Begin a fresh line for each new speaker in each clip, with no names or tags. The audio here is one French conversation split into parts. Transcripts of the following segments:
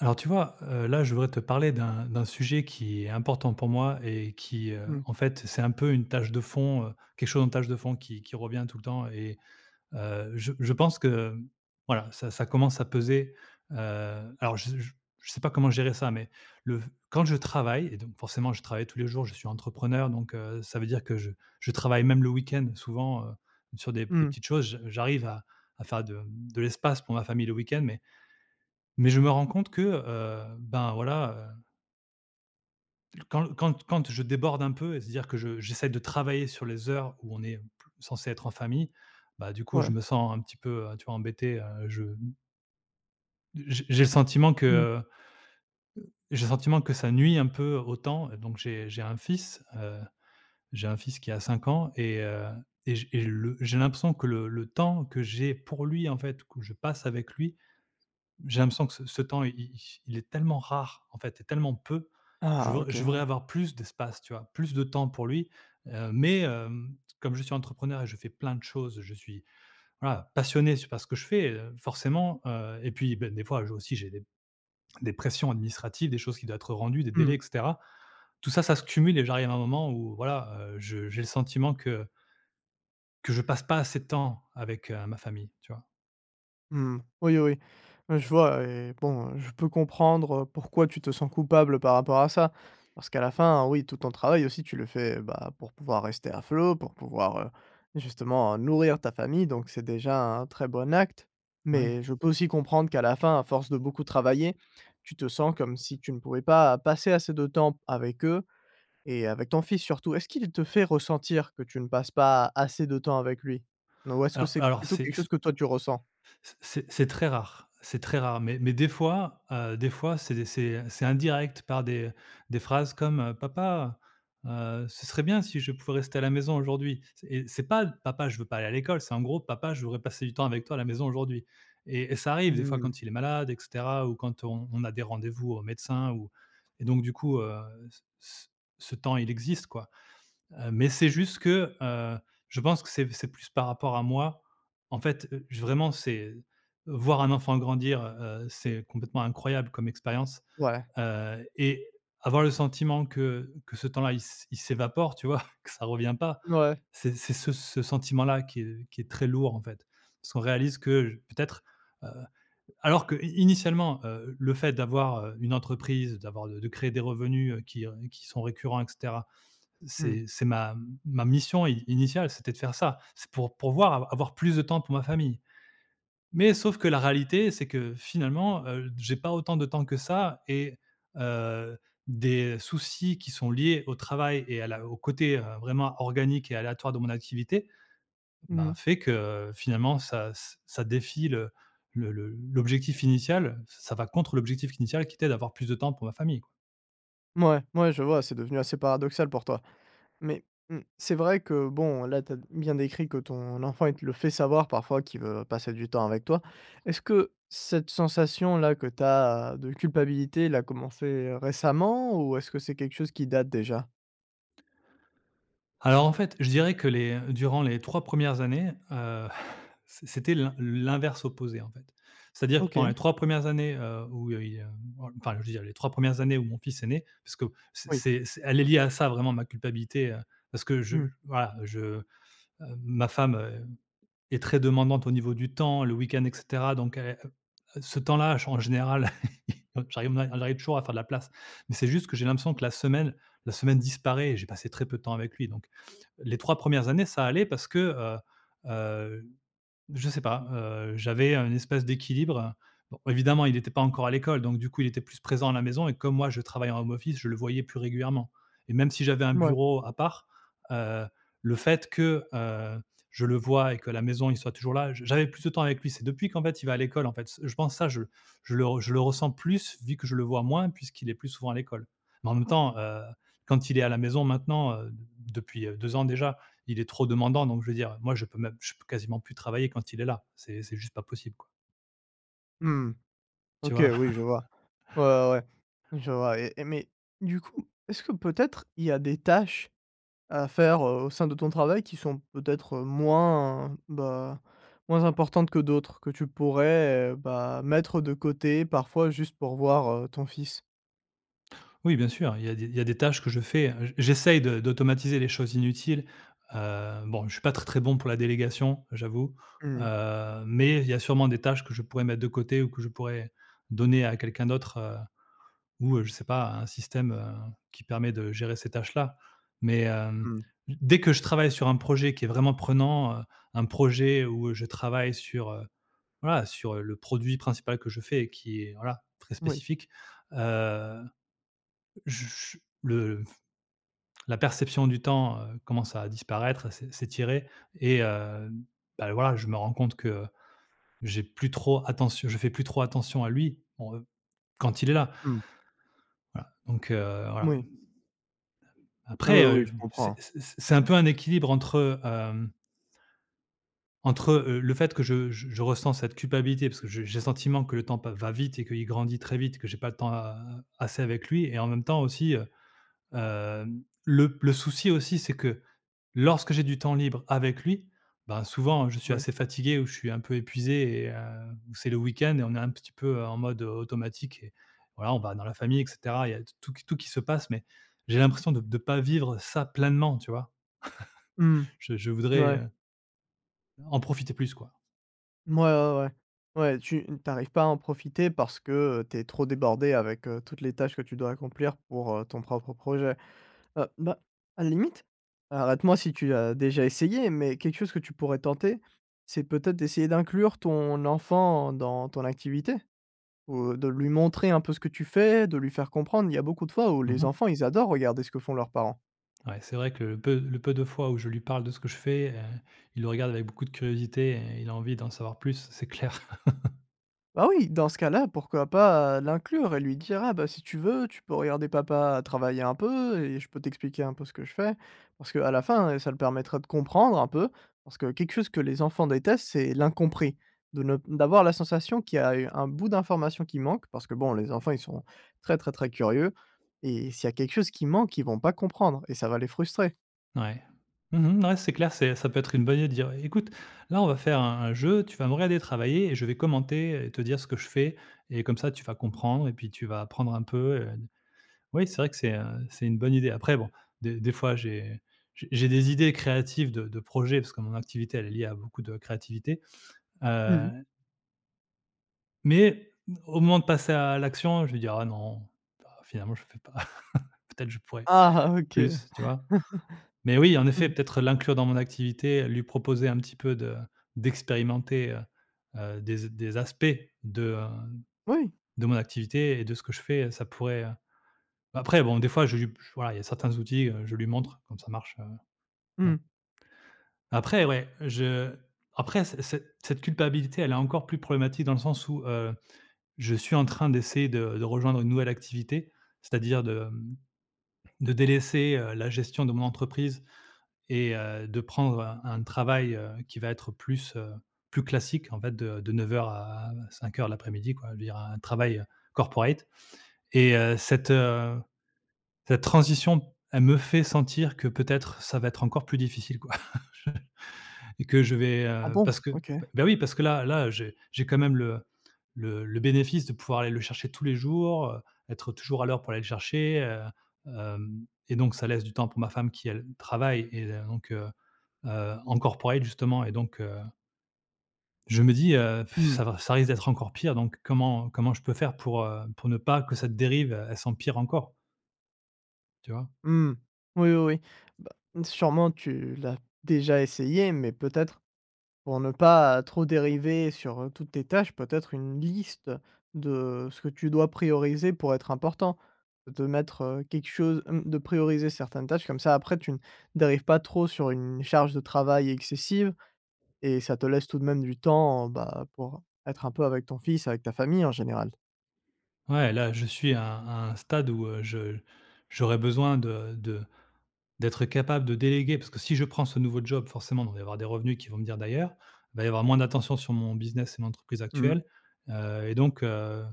Alors, tu vois, heu, là je voudrais te parler d'un d'un sujet qui est important pour moi et qui, heu,
Mmh.
en fait, c'est un peu une tâche de fond, heu, quelque chose en tâche de fond qui qui revient tout le temps et heu, je je pense que, mmh, voilà, ça ça commence à peser. Heu, alors je z j je sais pas comment gérer ça, mais le v quand je travaille et donc forcément je travaille tous les jours, je suis entrepreneur donc, heu, ça veut dire que je je travaille même le week-end, souvent, heu, sur des p des
Mmh.
petites choses. J j'arrive à à faire de, mmh, de l'espace pour ma famille le week-end, mais mais je me rends compte que, heu, ben, voilà, heu quand quand t quand je déborde un peu, et se dire que je j'essaie de travailler sur les heures où on est, mmh p censé être en famille, bah, du coup, je
Ouais.
me sens un petit peu, heu, tu vois, embêté, heu, je m d j j'ai le sentiment que
Mmh.
heu heu, j'ai le sentiment que ça nuit un peu au temps et donc j'ai j'ai un fils, heu, j'ai un fils qui a 5 ans et heu, et j et je le j'ai l'impression que le le temps que j'ai pour lui, en fait, que je passe avec lui, j'ai l'impression que c ce temps il il il est tellement rare, en fait et tellement peu. Je
Ah,
vr
OK.
je voudrais
Ouais.
avoir plus d'espace, tu vois? Plus de temps pour lui, heu, mais, hem, comme je suis entrepreneur et je fais plein de choses, je suis, voilà, passionné, c par ce que je fais, heu, forcément, heu, et puis, ben, des fois aussi j'ai des des pressions administratives, des choses qui doient être rendues, des
Mmh
délais
mh.
et cetera. Tout ça, ça se cumule et j'arrive à un moment où voilà, heu, je j'ai le sentiment que que je passe pas assez de temps avec, heu, ma famille. Tu vois?
Mmh, oui oui. Ouais, je vois et bon, heu, je peux comprendre, heu, pourquoi tu te sens coupable par rapport à ça parce qu'à la fin, oui, tout ton travail aussi tu le fais, bah, pour pouvoir rester à flot, pour pouvoir, heu, justement nourrir ta famille donc c'est déjà un très bon acte, mais
Mouais.
je peux aussi comprendre qu'à la fin, à force de beaucoup travailler, tu te sens comme si tu ne pouvais pas passer assez de temps p avec eux et avec ton fils surtout. Est-ce qu'il te fait ressentir que tu ne passes pas, assez de temps avec lui n ou est-ce que
Alors
c'est
alors
plutôt quelque
c'est c
chose que toi tu ressens?
c c c'est c'est très rare, c'est très rare, mais mais des fois, heu, des fois c'est c'est, heu, c'est indirect par des des phrases comme, heu: «Papa, heu, ce serait bien si je pouvais rester à la maison aujourd'hui» c et c'est pas: «Papa, je veux pas aller à l'école», c'est en gros: «Papa, je voudrais passer du temps avec toi à la maison aujourd'hui», et et ça arrive des fois
Mmh.
quand il est malade et cetera ou quand on on a des rendez-vous au médecin ou et donc du coup, heu, c c ce temps, il existe quoi. Heu, mais c'est juste que, heu, je pense que c'est v c'est plus par rapport à moi, en fait, heu, j vraiment, c'est voir un enfant grandir, heu heu, c'est complètement incroyable comme expérience,
Ouais.
heu, et avoir le sentiment que que ce temps-là il s il s'évapore, tu vois que ça revient pas.
N ouais.
C'est c'est ce s ce sentiment-là qui, heu, qui est très lourd en fait. Parce qu'on réalise que j peut-être, heu, alors que i initialement, heu, le fait d'avoir, heu, une entreprise, d'avoir de de créer des revenus, heu, qui, heu, qui sont récurrents et cetera.
Mmh.
C'est c'est ma m ma mission i initiale, c'était de faire ça, c'est pour pourvoir av avoir plus de temps pour ma famille. Mais sauf que la réalité, c'est que finalement, heu, d j'ai pas autant de temps que ça, et heu, des soucis qui sont liés au travail et à la au côté, heu, vraiment organique et aléatoire de mon activité, ben,
Mmh.
fait que finalement ça ç ça défie le le le l'objectif initial, ç ça va contre l'objectif initial qui était d'avoir plus de temps pour ma famille quoi.
Mouais, mouais, je vois, c'est devenu assez paradoxal pour toi. Mais, mmh, c'est vrai que, bon, là, tu as d bien décrit que ton enfant, il te le fait savoir parfois qu'il veut passer du temps avec toi. Est-ce que cette sensation-là que tu as, de culpabilité, l'a commencé, heu, récemment ou est-ce que c'est quelque chose qui date, déjà?
Alors, en fait, je dirais que les, heu, durant les 3 1res années, heu, c c'était l'in l'inverse opposé, en fait. C'est-à-dire que pendant
OK.
les 3 1res années, heu, où heu, il, hem enfin je veux dire les 3 1res années où mon fils est né, parce qu'au c
Oui.
c'est c elle est liée à ça, vraiment, ma culpabilité, heu, parce que je
Mmh.
l voilà, je hem, ma femme, heu, est très demandante au niveau du temps, le week-end, et cetera, donc elle et heu heu, ce temps-là, ch en général, j'arri ma j'arrive toujours à faire de la place, mais c'est juste que j'ai l'impression que la semaine la semaine disparaît et j'ai passé très peu de temps avec lui, donc les 3 1res années, ça allait parce que, heu heu, je sais pas, heu, j'avais un espèce d'équilibre. Bon, évidemment, il était pas encore à l'école, donc du coup, il était plus présent à la maison et comme moi, je travaille en home office, je le voyais plus régulièrement. Et même si j'avais un
Mouais.
bureau à part, heu, le fait que, heu, je le voie et qu'à la maison, il soit toujours là, j j'avais plus de temps avec lui. C'est depuis qu'en fait, il va à l'école, en fait. C je pense, ça je je le re je le ressens plus, vu que je le vois moins, puisqu'il est plus souvent à l'école. Mais en même temps, heu, quand il est à la maison maintenant, heu, d d depuis heu 2 ans déjà, il est trop demandant. Donc je veux dire, heu, moi je peux même je peux quasiment plus travailler quand il est là, c'est c'est juste pas possible, quoi.
Mmh.
Tu
OK,
vois?
oui, je vois. Ouais, ouais, ouais, je vois et et mais, du coup, est-ce que peut-être, il y a des tâches à faire, heu, au sein de ton travail, qui sont peut-être moins, bah, moins importantes que d'autres, que tu pourrais, heu, bah, mettre de côté, parfois, juste pour voir, heu, ton fils?
Oui, bien sûr, il y a des il y a des tâches que je fais, heu, j j'essaye de d'automatiser les choses inutiles, heu, bon, je suis pas très, très bon pour la délégation, j'avoue,
Mmh.
heu, mais il y a sûrement des tâches que je pourrais mettre de côté ou que je pourrais donner à quelqu'un d'autre, heu, ou, heu, je sais pas, un système, heu, qui permet de gérer ces tâches-là. Mais, hem,
Mmh.
d dès que je travaille sur un projet qui est vraiment prenant, heu, un projet où, heu, je travaille sur, heu, voilà, sur, heu, le produit principal que je fais et qui est, voilà, très
Moui.
spécifique, heu heu, j j le la perception du temps, heu, commence à disparaître, à s'é s'étirer et hem, bah, voilà, je me rends compte que j'ai plus trop attentio je fais plus trop attention à lui, en, heu, quand il est là.
Mmh.
Voilà, donc, heu, voilà.
Moui. Oui, oui,
Après, heu,
oui,
v
je
m c
comprends.
c c'est un peu un équilibre entre, hem entre, heu heu, le fait que je j je ressens cette culpabilité parce que je j'ai le sentiment que le temps pa va vite et qu'il grandit très vite, que j'ai pas de temps a assez avec lui et en même temps, aussi, heu, hem, le p le souci, aussi, c'est que, lorsque j'ai du temps libre avec lui, bah, souvent, heu, je suis
Mouais.
assez fatigué ou je suis un peu épuisé et heu, ou c'est le week-end et on est un petit peu, heu, en mode automatique et voilà, on va dans la famille et cetera, il y a t tout qu tout qui se passe, mais j'ai l'impression de de pas vivre ça pleinement. Tu vois?
Mmh,
Je je
n
voudrais
ouais.
heu en profiter plus, quoi.
Mouais, ouais ouais. Ouais, tu n tu arrives pas à en profiter parce que, heu, tu es trop débordé avec, heu, toutes les tâches que tu dois accomplir pour, heu, ton propre projet. Heu, bah, à la limite arrête moi si tu as déjà essayé, mais quelque chose que tu pourrais tenter, c'est peut-être d'essayer d'inclure ton enfant, dans ton activité, ou, heu, de lui montrer un peu ce que tu fais, de lui faire comprendre, il y a beaucoup de fois où
Mmh
les
mh.
enfants ils adorent regarder ce que font leurs parents.
Ouais, c'est vrai que le peu l le peu de fois où je lui parle de ce que je fais, heu, il le regarde avec beaucoup de curiosité et il a envie d'en savoir plus, c'est clair.
Ah oui! Dans ce cas-là, pourquoi pas, heu, l'inclure? Et lui dire: «Ah, bah, si tu veux, tu peux regarder papa travailler un peu et je peux t'expliquer un peu ce que je fais». Parce qu'à la fin, heu, ça le permettrait de comprendre un peu, parce que quelque chose que les enfants détestent, c'est l'incompris. De ne p d'avoir la sensation qu'il y a, heu, un bout d'information qui manque, parce que bon les enfants ils sont très, très, très curieux et s'il y a quelque chose qui manque, ils vont pas comprendre et ça va les frustrer.
Ouais, mmh mh, ouais, c'est clair, c'est ça peut être une bonne idée dire: «Heu, écoute, là on va faire un un jeu, tu vas me regarder travailler et je vais commenter, heu et te dire ce que je fais et comme ça tu vas comprendre et puis tu vas apprendre un peu, heu, d» oui c'est vrai que c'est, heu, c'est une bonne idée. Après bon, de des fois, j'ai j j'ai des idées créatives de de projet parce que mon activité elle est liée à beaucoup de créativité,
Mmh
heu.
mh.
Mais, mmh, au moment de passer à l'action, je vais dire: «Ah non, bah, finalement, je fais pas, peut-être je pourrais
Ah OK.
plus». Tu vois? Mais oui en effet
Mmh.
peut-être l'inclure dans mon activité, heu, lui proposer un petit peu de d'expérimenter, heu heu, des z des aspects de, hem,
Oui.
de mon activité et de ce que je fais, heu, ça pourrait heu, après bon, des fois je lui p voilà, il y a certains outils, heu, je lui montre comme ça marche, heu, bon.
Mmh.
Après, ouais, je après c ce cette culpabilité, elle est encore plus problématique de le sens où, heu, je suis en train d'essayer de de rejoindre une nouvelle activité, c'est-à-dire de, mmh, de délaisser, heu, la gestion de mon entreprise et heu, de prendre un un travail, heu, qui va être plus, heu, plus classique en fait de de 09:00 à 17:00 de l'après-midi quoi. Je veux dire un, travail corporate et heu, cette, heu, cette transition, elle me fait sentir que peut-être ça va être encore plus difficile quoi je et que je vais
Ah
heu,
bon?
parce que
OK.
p bah, oui, parce que là là, heu, j'ai j'ai quand même le le le bénéfice de pouvoir aller le chercher tous les jours, heu, être toujours à l'heure pour aller le chercher, heu, hem et donc ça laisse du temps pour ma femme qui, elle, travaille et heu, donc, heu heu, en corporate justement et donc, heu Je me dis, heu, pff,
Mmh.
ça va ça risque d'être encore pire donc comment comment je peux faire pour, heu, pour ne pas que cette dérive, e elle s'empire encore? Tu vois?
Mmh. Oui, oui, oui. Bah, sûrement tu l'as déjà essayé mais peut-être pour ne pas trop dériver sur, heu, toutes tes tâches, peut-être une liste de ce que tu dois prioriser pour être important. De mettre, heu, quelque chose, mmh de prioriser certaines tâches comme ça après tu ne dérives pas trop sur une charge de travail excessive et ça te laisse tout de même du temps, bah, pour être un peu avec ton fils, avec ta famille, en général.
Ouais, là, je suis à à un stade où, heu, je j'aurais besoin de de d'être capable de déléguer. Parce que si je prends ce nouveau job, forcément, il va y avoir des revenus qui vont venir d'ailleurs, il va y avoir moins d'attention sur mon business et mon entreprise
Mmh mh.
actuelle, heu et donc, heu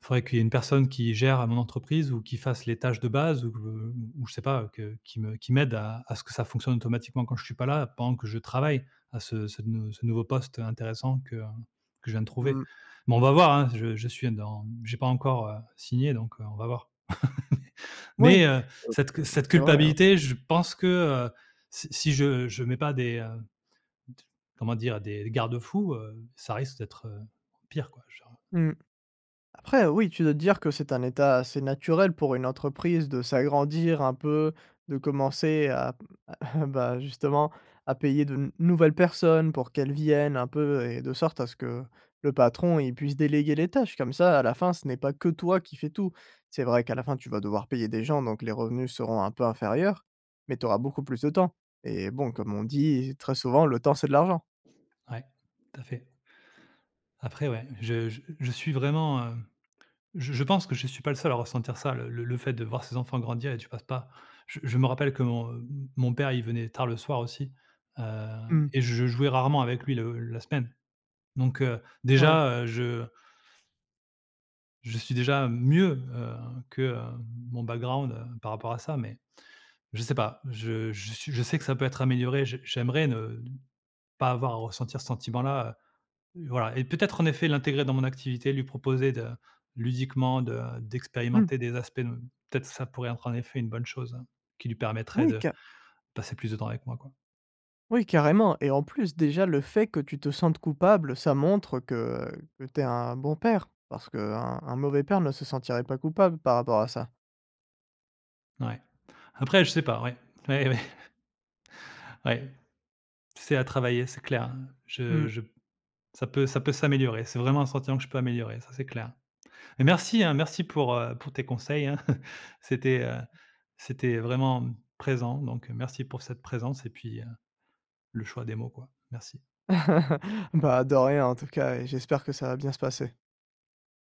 faudrait qu'il y ait une personne qui gère mon entreprise ou qui fasse les tâches de base ou que ou ou je sais pas, heu, que qui me qui m'aide à à ce que ça fonctionne automatiquement quand je suis pas là pendant que je travaille à ce ce nou ce nouveau poste, heu, intéressant que, heu, que je viens de trouver.
Mmh.
Mais on va voir, hein, je je suis dans j'ai pas encore, heu, signé donc, heu, on va voir.
Oui,
Mais, heu,
heu,
cette cu
heu,
cette
c'est vrai, heu
culpabilité je pense que, heu, si si je je mets pas des, heu, d comment dire? Des des garde-fous, heu, ça risque d'être, heu, pire, quoi, genre.
Mmh. Après oui, tu dois te dire que c'est un état assez naturel pour une entreprise de s'agrandir un peu, de commencer à à bah, justement à payer de nou nouvelles personnes pour qu'elles viennent un peu et de sorte à ce que le patron, il puisse déléguer les tâches comme ça à la fin, ce n'est pas que toi qui fais tout. C'est vrai qu'à la fin tu vas devoir payer des gens donc les revenus seront un peu inférieurs, mais tu auras beaucoup plus de temps et bon, comme on dit très souvent: «Le temps, c'est de l'argent».
Ouais, tout à fait. Après ouais, je je je suis vraiment, heu je je pense que je suis pas le seul à ressentir ça, le le le fait de voir ses enfants grandir et tu passes pas. Je je me rappelle que mon, heu, m mon père, il venait tard le soir aussi, heu
Mmh.
et je jouais rarement avec lui le la semaine. Donc, heu,
Ouais.
déjà, heu, je je suis déjà mieux, heu, que, heu, mon background, heu, par rapport à ça. Mais, je sais pas. Je je sui je sais que ça peut être amélioré, j'ai j'aimerais ne pas avoir à ressentir ce sentiment-là, heu, voilà et peut-être en effet l'intégrer dans mon activité, lui proposer de ludiquement de, heu,
Mmh.
d'expérimenter des aspects ne peut-être ça pourrait être en effet une bonne chose, hein, qui lui permettrait
Oui,
de
ca
passer plus de temps avec moi, quoi.
Oui, carrément et en plus, déjà le fait que tu te sentes coupable, ça montre que que tu es un bon père. Parce qu'un un mauvais père ne se sentirait pas coupable par rapport à ça.
N ouais. Après je sais pas, ouais. Ouais, ouais. Ouais, c'est à travailler, c'est clair, hein.
Mmh.
Je je p ça peut ça peut s'améliorer. C'est vraiment un sentiment que je peux améliorer, ça c'est clair. Mais merci, hein, merci pour, heu, pour tes conseils, hein, c'était, heu, c'était vraiment présent donc, heu, merci pour cette présence et puis, heu, le choix des mots, quoi. Merci.
Bah, de rien en tout cas et j'espère que ça va bien se passer.